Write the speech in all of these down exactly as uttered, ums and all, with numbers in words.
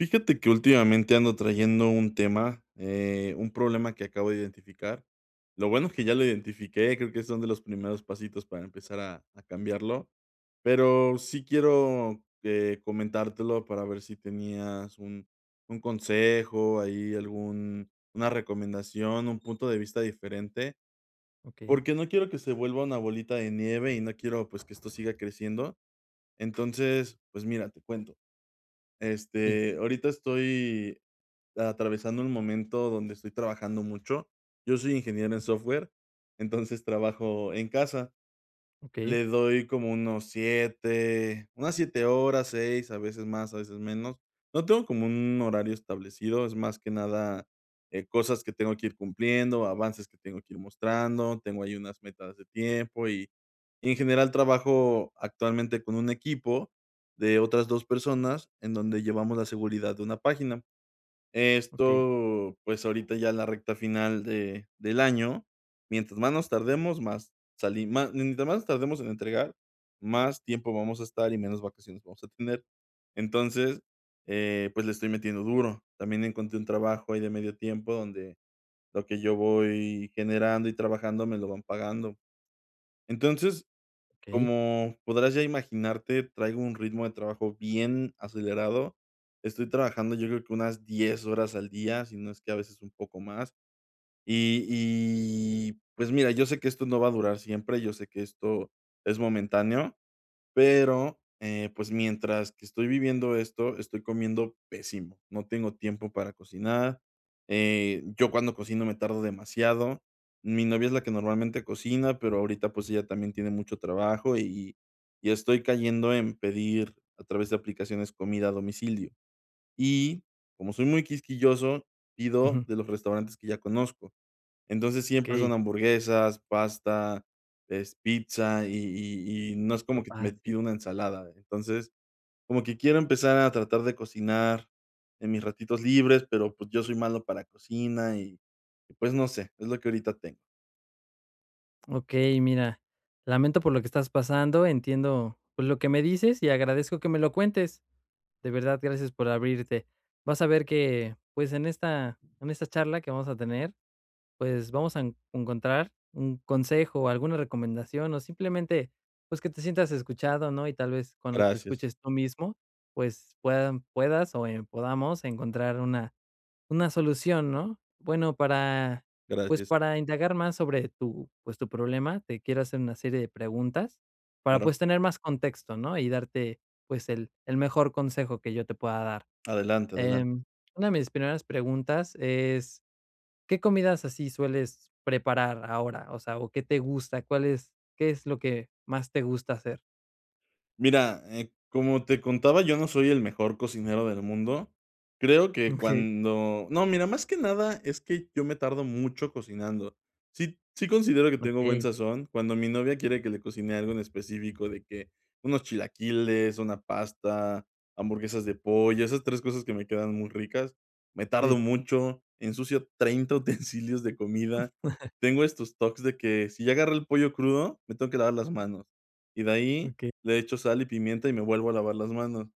Fíjate que últimamente ando trayendo un tema, eh, un problema que acabo de identificar. Lo bueno es que ya lo identifiqué. Creo que son de los primeros pasitos para empezar a a cambiarlo. Pero sí quiero, eh, comentártelo para ver si tenías un un consejo ahí, algún una recomendación, un punto de vista diferente. Okey. Porque no quiero que se vuelva una bolita de nieve y no quiero, pues, que esto siga creciendo. Entonces, pues, mira, te cuento. Sí. Este, ahorita estoy atravesando un momento donde estoy trabajando mucho. Yo soy ingeniero en software. Entonces trabajo en casa. Okey. Le doy como unos siete unas siete horas, seis a veces más, a veces menos. No tengo como un horario establecido. Es más que nada, eh, cosas que tengo que ir cumpliendo, avances que tengo que ir mostrando. Tengo ahí unas metas de tiempo y, en general, trabajo actualmente con un equipo de otras dos personas en donde llevamos la seguridad de una página. Okey. Esto, pues, ahorita ya es la recta final de del año. Mientras más nos tardemos, más sali más mientras más nos tardemos en entregar, más tiempo vamos a estar y menos vacaciones vamos a tener. Entonces, eh, pues, le estoy metiendo duro. También encontré un trabajo ahí, de medio tiempo, donde lo que yo voy generando y trabajando me lo van pagando. Entonces, Okey. como podrás ya imaginarte, traigo un ritmo de trabajo bien acelerado. Estoy trabajando yo creo que unas diez horas al día, si no es que a veces un poco más, y y, pues, mira, yo sé que esto no va a durar siempre. Yo sé que esto es momentáneo, pero, eh, pues, mientras que estoy viviendo esto, estoy comiendo pésimo. No tengo tiempo para cocinar, eh, yo cuando cocino me tardo demasiado. Mi novia es la que normalmente cocina, pero ahorita, pues, ella también tiene mucho trabajo, y y y estoy cayendo en pedir a través de aplicaciones comida a domicilio, y como soy muy quisquilloso, pido Ujú. de los restaurantes que ya conozco. Entonces siempre Okey. son hamburguesas, pasta, es pizza, y y y no es Lo como que t me fácil. pido una ensalada. Entonces, como que quiero empezar a tratar de cocinar en mis ratitos libres, pero, pues, yo soy malo para la cocina, y y, pues, no sé, es lo que ahorita tengo. Okey, mira, lamento por lo que estás pasando, entiendo lo que me dices y agradezco que me lo cuentes, de verdad gracias por abrirte. Vas a ver que, pues, en esta en esta charla que vamos a tener, pues, vamos a en encontrar un consejo o alguna recomendación o simplemente, pues, que te sientas escuchado, ¿no?, y tal vez cuando te Gracias. escuches tú mismo, pues, puedan puedas o, em, podamos encontrar una una solución, ¿no? Bueno, para, pues, Gracias. para indagar más sobre tu, pues, tu problema, te quiero hacer una serie de preguntas para, pues, Claro. tener más contexto, ¿no?, y darte, pues, el el mejor consejo que yo te pueda dar. Adelante, adelante. Em, una de mis primeras preguntas es, ¿qué comidas así sueles preparar ahora?, o sea, o ¿qué te gusta? ¿Cuál es? ¿Qué es lo que más te gusta hacer? Mira, eh, como te contaba, yo no soy el mejor cocinero del mundo. Creo que Okey. cuando no, mira, más que nada es que yo me tardo mucho cocinando. Sí sí, considero que tengo buen Okey. sazón cuando mi novia quiere que le cocine algo en específico, de que unos chilaquiles, una pasta, hamburguesas de pollo, esas tres cosas que me quedan muy ricas. Me tardo Sí. mucho, ensucio treinta utensilios de comida. Tengo estos TOC de que, si ya agarré el pollo crudo, me tengo que lavar las manos, y de ahí Okey. le echo sal y pimienta y me vuelvo a lavar las manos.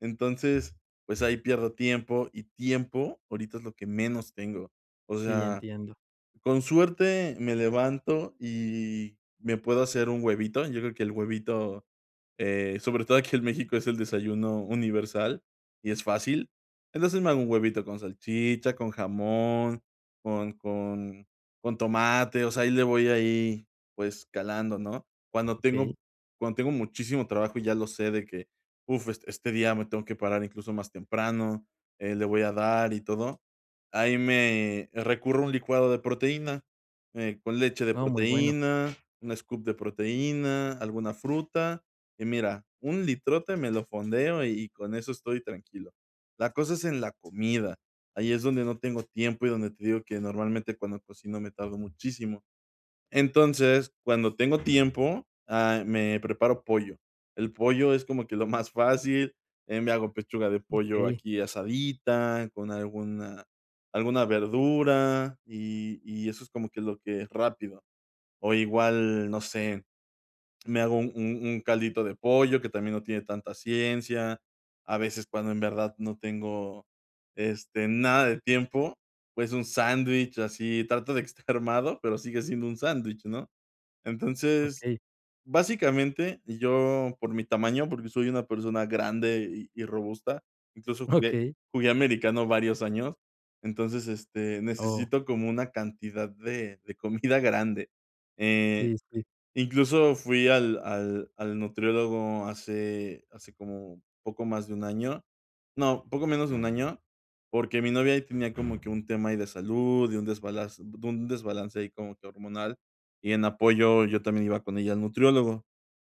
Entonces, pues, ahí pierdo tiempo, y tiempo ahorita es lo que menos tengo, o Sí, sea, entiendo. con suerte me levanto y me puedo hacer un huevito, yo creo que el huevito, eh, sobre todo aquí en México, es el desayuno universal y es fácil. Entonces me hago un huevito con salchicha, con jamón, con con con tomate, o sea, ahí le voy ahí, pues, calando, ¿no?, cuando tengo Okey. cuando tengo muchísimo trabajo y ya lo sé de que, uf, es este día me tengo que parar incluso más temprano, eh, le voy a dar y todo, ahí me recurro un licuado de proteína, eh, con leche de Oh, muy bueno. proteína, un scoop de proteína, alguna fruta y, mira, un litrote me lo fondeo y y con eso estoy tranquilo. La cosa es en la comida. Ahí es donde no tengo tiempo y donde te digo que, normalmente, cuando cocino me tardo muchísimo. Entonces, cuando tengo tiempo, ah, me preparo pollo, el pollo es como que lo más fácil, eh, me hago pechuga de pollo Okey. aquí asadita con alguna alguna verdura y y eso es como que lo que es rápido o igual, no sé. Me hago un un un caldito de pollo que también no tiene tanta ciencia. A veces, cuando en verdad no tengo, este, nada de tiempo, pues, un sándwich así trato de estar armado, pero sigue siendo un sándwich, ¿no?, entonces, Okey. básicamente, yo por mi tamaño, porque soy una persona grande y y robusta, incluso jugué Okey. jugué americano varios años, entonces, este, Oh. necesito como una cantidad de de comida grande, eh, Sí, sí. incluso fui al al al nutriólogo hace hace como poco más de un año, no, poco menos de un año, porque mi novia ahí tenía como que un tema de salud y un desbalance de un desbalance ahí como que hormonal, y en apoyo yo también iba con ella al nutriólogo,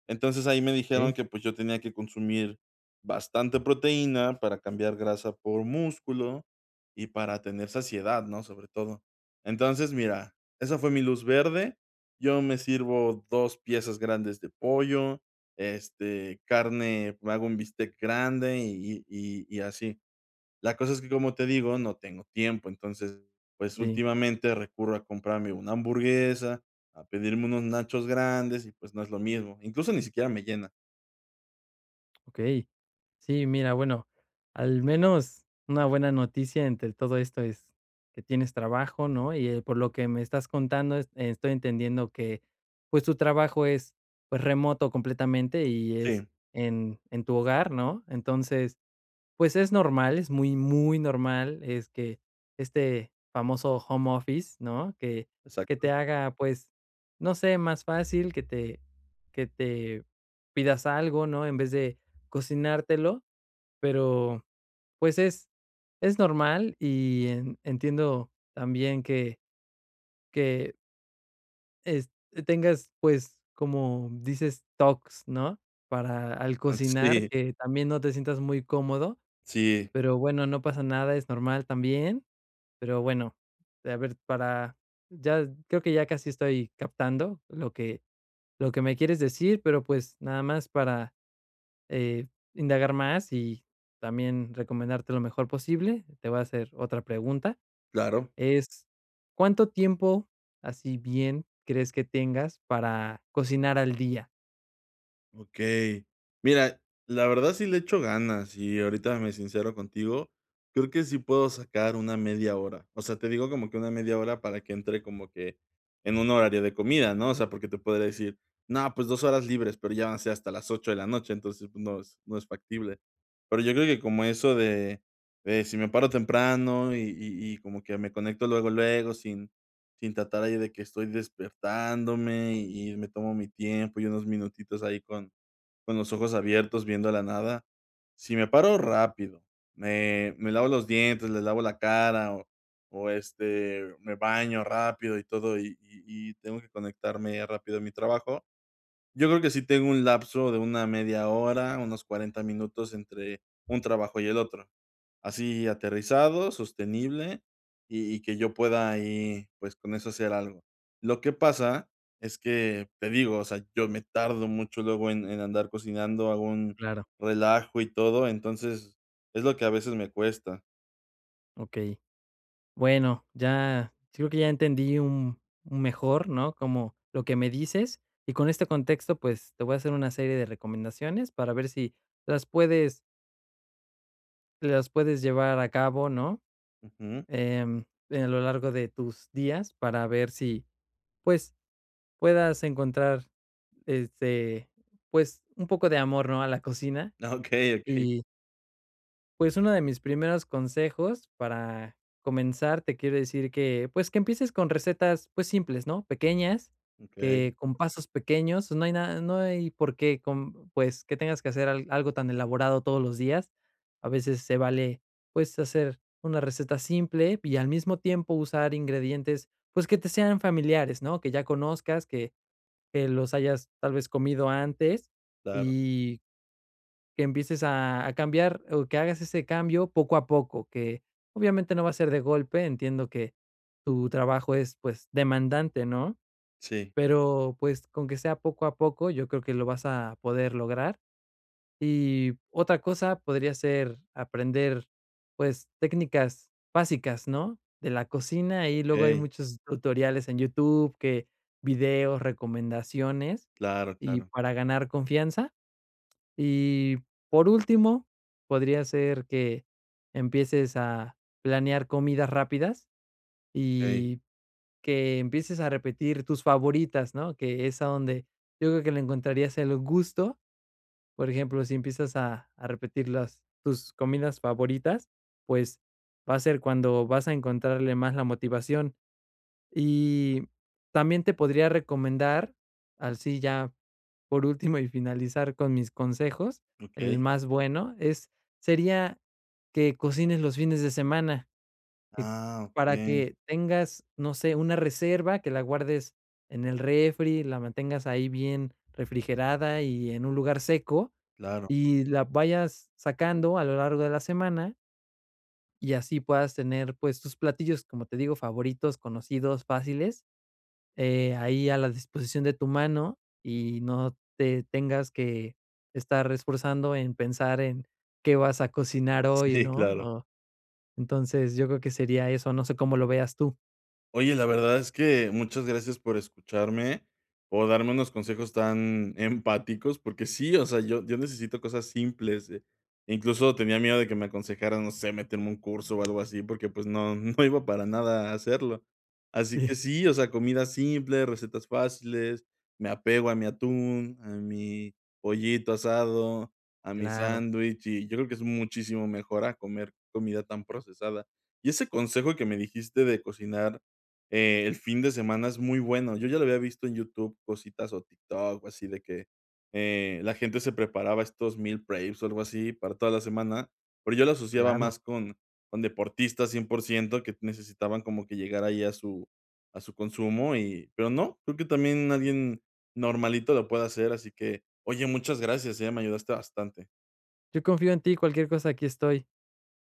entonces ahí me dijeron Okey. que, pues, yo tenía que consumir bastante proteína para cambiar grasa por músculo y para tener saciedad, ¿no?, sobre todo. Entonces, mira, esa fue mi luz verde. Yo me sirvo dos piezas grandes de pollo, este, carne, hago un bistec grande y y y y así. La cosa es que, como te digo, no tengo tiempo, entonces, pues, Sí. últimamente recurro a comprarme una hamburguesa, a pedirme unos nachos grandes y, pues, no es lo mismo, incluso ni siquiera me llena. Okey, sí, mira, bueno, al menos una buena noticia entre todo esto, es que tienes trabajo, ¿no?, y eh, por lo que me estás contando e estoy entendiendo que pues, tu trabajo es pues remoto completamente y es Sí. en en tu hogar, ¿no?, entonces pues, es normal. Es muy muy normal, es que este famoso home office, ¿no?, que que te Exacto. haga, pues, no sé más fácil que te que te pidas algo, ¿no?, en vez de cocinártelo, pero pues es, es normal y en entiendo también que que es que tengas pues, como dices talks, ¿no?, para al Ah, cocinar sí. que también no te sientas muy cómodo. Sí. Pero bueno, no pasa nada. es normal también, pero bueno, a ver para, ya creo que ya casi estoy captando lo que lo que me quieres decir, pero pues, nada más para, eh, indagar más y también recomendarte lo mejor posible. Te voy a hacer otra pregunta Claro. es, ¿cuánto tiempo así, bien, crees que tengas para cocinar al día? Okey, mira, la verdad, sí le echo ganas y ahorita me sincero contigo. Creo que sí puedo sacar una media hora. O sea, te digo como que una media hora para que entre como que en un horario de comida, ¿no?, o sea, porque te podría decir: "No, pues, dos, horas libres", pero ya van a ser hasta las ocho, de la noche, entonces, pues, no es no es factible. Pero, yo creo que como eso de de si me paro temprano y y y como que me conecto luego luego sin sin tratar ahí de que estoy despertándome y y me tomo mi tiempo, y unos minutitos ahí con con los ojos abiertos viendo la nada. Si me paro rápido, me me lavo los dientes, le lavo la cara o o, este, me baño rápido y todo y y y tengo que conectarme rápido a mi trabajo. Yo creo que sí tengo un lapso de una media hora, unos cuarenta, minutos entre un trabajo y el otro. Así aterrizado, sostenible y y que yo pueda ahí, pues, con eso hacer algo. Lo que pasa es que te digo, o sea, yo me tardo mucho luego, en en andar cocinando algún Claro. relajo y todo. Entonces, es lo que a veces me cuesta. Okey, bueno, ya creo que ya entendí, un un mejor, ¿no?, como lo que me dices y con este contexto, pues te voy a hacer una serie de recomendaciones para ver si las puedes las puedes llevar a cabo, ¿no? Ujú. Em, en lo largo de tus días para ver sí, pues puedas encontrar este pues un poco de amor, ¿no?, a la cocina Okey, okey. y pues uno de mis primeros consejos para comenzar, te quiero decir que pues que empieces con recetas, pues simples, ¿no?, pequeñas que Okey. con pasos pequeños, no hay nada, no hay por qué con pues que tengas que hacer al algo tan elaborado todos los días. A veces se vale, pues hacer una receta simple y al mismo tiempo usar ingredientes, pues que te sean familiares, ¿no? Que ya conozcas que que los hayas tal vez comido antes Claro. y que empieces a a cambiar o que hagas ese cambio poco a poco que obviamente no va a ser de golpe, entiendo que, tu trabajo es pues demandante, ¿no? Sí. pero pues con que sea poco a poco, yo creo que lo vas a poder lograr y otra cosa podría ser aprender, pues técnicas básicas, ¿no?, de la cocina y luego hay Okey. muchos tutoriales en YouTube que videos, recomendaciones Claro, y claro. para ganar confianza. Y por último, podría ser que empieces a planear comidas rápidas Okey. y que empieces a repetir tus favoritas, ¿no? Que es donde yo creo que le encontrarías el gusto. Por ejemplo, si empiezas a a repetir las tus comidas favoritas, pues, va ser cuando vas a encontrarle más la motivación. Y también te podría recomendar así ya por último, y finalizar con mis consejos. El Okey. más bueno es sería que cocines los fines de semana eh Ah, para okey. que tengas, no sé, una reserva que la guardes en el refri, la mantengas ahí bien refrigerada y en un lugar seco Claro. y la vayas sacando a lo largo de la semana. Y así puedas tener, pues, tus platillos, como te digo, favoritos, conocidos, fáciles, eh, ahí a la disposición de tu mano y no te tengas que estar esforzando en pensar en qué vas a cocinar Sí, hoy, ¿no?, claro. o, entonces, yo creo que sería eso, no sé cómo lo veas tú. Oye, la verdad es que muchas gracias por escucharme, o darme unos consejos tan empáticos porque sí, o sea, yo yo necesito cosas simples. Incluso tenía miedo de que me aconsejaras, no sé, meterme a un curso o algo así porque, pues, no, no iba para nada a hacerlo. Así que Sí. sí, o sea, comida simple, recetas fáciles, me apego a mi atún, a mi pollito asado, a mi Claro. sándwich, y yo creo que es muchísimo mejor a comer comida tan procesada. Y ese consejo que me dijiste de cocinar, eh, el fin de semana es muy bueno. Yo ya lo había visto en YouTube, cositas o TikTok o así de que, eh, la gente se preparaba estos meal preps, o algo así, para toda la semana, pero yo lo asociaba Claro. más con con deportistas cien por ciento que necesitaban como que llegar ahí a su a su consumo y pero no, creo que también, alguien normalito lo puede hacer. Así que, oye, muchas gracias, eh, me ayudaste bastante. Yo confío en ti, cualquier cosa aquí estoy.